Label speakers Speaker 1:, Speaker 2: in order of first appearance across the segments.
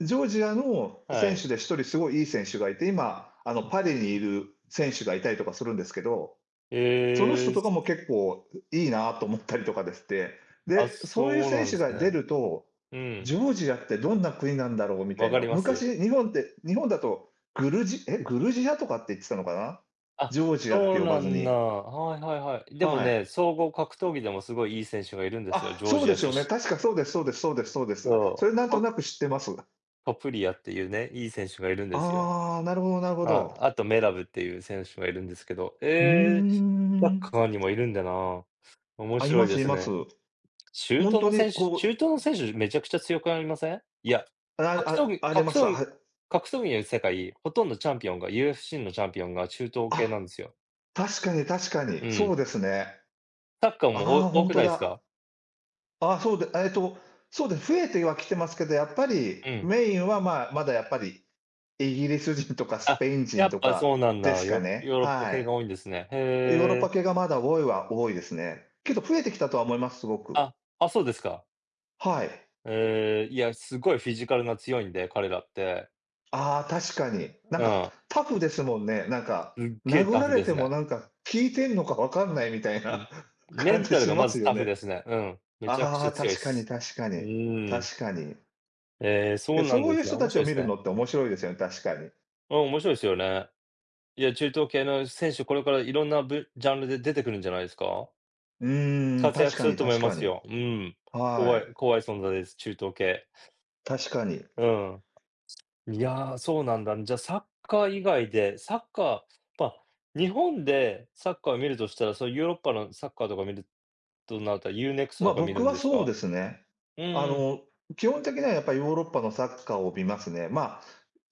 Speaker 1: ジョージアの
Speaker 2: は
Speaker 1: 選
Speaker 2: い。
Speaker 1: 手で1人すごいいい選手がいて、今、あのパリにいる選手がいたりとかするんですけど。その人
Speaker 2: へ
Speaker 1: と
Speaker 2: え。
Speaker 1: かも結構いいなと思ったりとかですって。
Speaker 2: あ、
Speaker 1: で、そういう
Speaker 2: そう
Speaker 1: 選
Speaker 2: なん
Speaker 1: 手
Speaker 2: す
Speaker 1: が出
Speaker 2: ね。
Speaker 1: ると、
Speaker 2: うん。
Speaker 1: ジョージアってどんな国なんだろうみた
Speaker 2: わ
Speaker 1: い
Speaker 2: か
Speaker 1: な。
Speaker 2: ります。
Speaker 1: 昔日本って日本だと、グルジエ、グルジアとかって言ってたのかな。
Speaker 2: あ、
Speaker 1: ジョージアっ
Speaker 2: そ
Speaker 1: て
Speaker 2: う
Speaker 1: 呼ば
Speaker 2: な
Speaker 1: ず
Speaker 2: んだ。
Speaker 1: に。
Speaker 2: はいはいはい。でも
Speaker 1: はい。
Speaker 2: ね、総合格闘技でもすごいいい選手がいるんですよ、
Speaker 1: あ、
Speaker 2: ジョー
Speaker 1: そう
Speaker 2: ジ
Speaker 1: で
Speaker 2: ア
Speaker 1: す
Speaker 2: し
Speaker 1: よ
Speaker 2: ゅ
Speaker 1: ね、
Speaker 2: し
Speaker 1: 確かそうですそうですそうですそうです。そ
Speaker 2: そ
Speaker 1: れなん
Speaker 2: う。
Speaker 1: と
Speaker 2: ト
Speaker 1: なく知ってます。
Speaker 2: トプリアっていうね、いい選手がいるんですよ。
Speaker 1: ああ、なるほどなるほ
Speaker 2: ああ、
Speaker 1: ど。
Speaker 2: あとメラブっていう選手がいるんですけど。
Speaker 1: うー
Speaker 2: ええ、サッ
Speaker 1: ん。
Speaker 2: カーにもいるんだな。面
Speaker 1: あ、い
Speaker 2: 白
Speaker 1: ま
Speaker 2: い
Speaker 1: す
Speaker 2: で
Speaker 1: い
Speaker 2: す
Speaker 1: ます。
Speaker 2: ね。中
Speaker 1: 本
Speaker 2: 東
Speaker 1: 当
Speaker 2: の
Speaker 1: に
Speaker 2: 選手
Speaker 1: こ
Speaker 2: 中
Speaker 1: う。
Speaker 2: 東の選手めちゃくちゃ強くありません。いや、
Speaker 1: あ、
Speaker 2: 格闘
Speaker 1: ああ、
Speaker 2: 技
Speaker 1: ありま
Speaker 2: 格
Speaker 1: す。
Speaker 2: 闘
Speaker 1: は
Speaker 2: 技
Speaker 1: い。
Speaker 2: 格闘技のいる世界、ほとんどチャンピオンが、UFC のチャンピオンが中東系な
Speaker 1: あ、
Speaker 2: んですよ。
Speaker 1: 確かに確かに、
Speaker 2: う
Speaker 1: そ
Speaker 2: ん。
Speaker 1: うですね。
Speaker 2: サッカー
Speaker 1: ああ、
Speaker 2: も、お
Speaker 1: ほ
Speaker 2: 多
Speaker 1: ん
Speaker 2: く
Speaker 1: と
Speaker 2: ないす
Speaker 1: だ。
Speaker 2: か？
Speaker 1: ああ、そう、で、ええと、そうで、増えてはきてますけど、やっぱり
Speaker 2: うん。
Speaker 1: メインはまあ、まだやっぱり、イギリス人とかス
Speaker 2: あ、
Speaker 1: ペイン
Speaker 2: や
Speaker 1: 人
Speaker 2: っ
Speaker 1: と
Speaker 2: ぱそ
Speaker 1: か
Speaker 2: うなんだ。
Speaker 1: ですか
Speaker 2: ヨヨ
Speaker 1: ね、
Speaker 2: ーロッパ
Speaker 1: は
Speaker 2: 系が多いんですね。へ
Speaker 1: い。ヨーロッパ
Speaker 2: え。
Speaker 1: 系がまだ多いは多いですね。けど増えてきたとは思います、すごく。
Speaker 2: あ、あ、そうですか。
Speaker 1: はい。
Speaker 2: へえ、いや、すごいフィジカルが強いんで、彼らって。
Speaker 1: ああ、確かに。なん
Speaker 2: う
Speaker 1: か
Speaker 2: ん。
Speaker 1: タフですもんね、なんか。
Speaker 2: すっげえ
Speaker 1: 殴
Speaker 2: タ
Speaker 1: ら
Speaker 2: フ
Speaker 1: れ
Speaker 2: で
Speaker 1: て
Speaker 2: す
Speaker 1: も
Speaker 2: ね。
Speaker 1: なんか、効いてんのかわかんないみたい
Speaker 2: うん。
Speaker 1: な
Speaker 2: メ
Speaker 1: 感
Speaker 2: ン
Speaker 1: じ
Speaker 2: タル
Speaker 1: し
Speaker 2: がま
Speaker 1: ます
Speaker 2: ず
Speaker 1: よ
Speaker 2: タフ
Speaker 1: ね。
Speaker 2: ですね、うん。めちゃく
Speaker 1: あ
Speaker 2: ちゃ
Speaker 1: あ、
Speaker 2: 強い
Speaker 1: 確かに
Speaker 2: す。
Speaker 1: 確か
Speaker 2: う
Speaker 1: に、
Speaker 2: ーん。
Speaker 1: 確かに。
Speaker 2: ええ、そ
Speaker 1: け、
Speaker 2: うなん
Speaker 1: そう
Speaker 2: で
Speaker 1: いう
Speaker 2: すね、
Speaker 1: 人た
Speaker 2: 面
Speaker 1: ちを
Speaker 2: 白い
Speaker 1: 見
Speaker 2: す
Speaker 1: る
Speaker 2: ね。
Speaker 1: のって面白いですよね、確かに。
Speaker 2: うん、面白いすよね。いや、中東系の選手、これからいろんなぶジャンルで出てくるんじゃないすか？
Speaker 1: うーん、
Speaker 2: 活躍
Speaker 1: 確
Speaker 2: す
Speaker 1: か
Speaker 2: る
Speaker 1: に
Speaker 2: と思い
Speaker 1: 確
Speaker 2: ま
Speaker 1: か
Speaker 2: す
Speaker 1: に。
Speaker 2: よ。うん。
Speaker 1: は
Speaker 2: 怖い
Speaker 1: い。
Speaker 2: 怖い存在です、中東系。
Speaker 1: 確かに。
Speaker 2: うん。いや、そうなんだ、じゃ、サッカー以外で、サッカーま、日本でサッカー見るとしたら、そのヨーロッパのサッカーとか見るとなったら U-NEXT と
Speaker 1: ま、
Speaker 2: か見
Speaker 1: 僕
Speaker 2: るん
Speaker 1: は
Speaker 2: です
Speaker 1: そう
Speaker 2: か？
Speaker 1: ですね。
Speaker 2: うん
Speaker 1: あ
Speaker 2: うん。
Speaker 1: の、基本的にはやっぱりヨーロッパのサッカーを見ますね。まあ、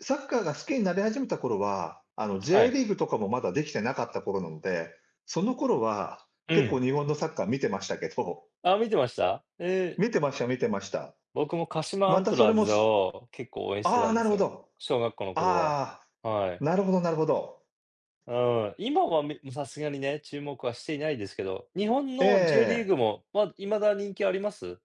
Speaker 1: サッカーが好きになり始めた頃は、あの
Speaker 2: は
Speaker 1: J
Speaker 2: い。
Speaker 1: リーグとかもまだできてなかった頃なので、その頃は、
Speaker 2: う
Speaker 1: 結構
Speaker 2: ん。
Speaker 1: 日本のサッカー見てましたけど。
Speaker 2: ああ、見てました？ええ。
Speaker 1: 見てました、見てました。
Speaker 2: 僕も鹿島ア
Speaker 1: ま
Speaker 2: ン
Speaker 1: た
Speaker 2: ト
Speaker 1: そ
Speaker 2: ラ
Speaker 1: れ
Speaker 2: ー
Speaker 1: も
Speaker 2: ズ
Speaker 1: す
Speaker 2: を結構応援してた
Speaker 1: ああ、
Speaker 2: んで
Speaker 1: なる
Speaker 2: す
Speaker 1: ほ
Speaker 2: よ。
Speaker 1: ど。
Speaker 2: 小学校の頃は。
Speaker 1: ああ、
Speaker 2: はい。
Speaker 1: なるほどなるほど。
Speaker 2: うん、今はみさすがにね、注目はしていないですけど、日本
Speaker 1: え
Speaker 2: の J リーグ
Speaker 1: え。
Speaker 2: も、ま、未だ人気あります？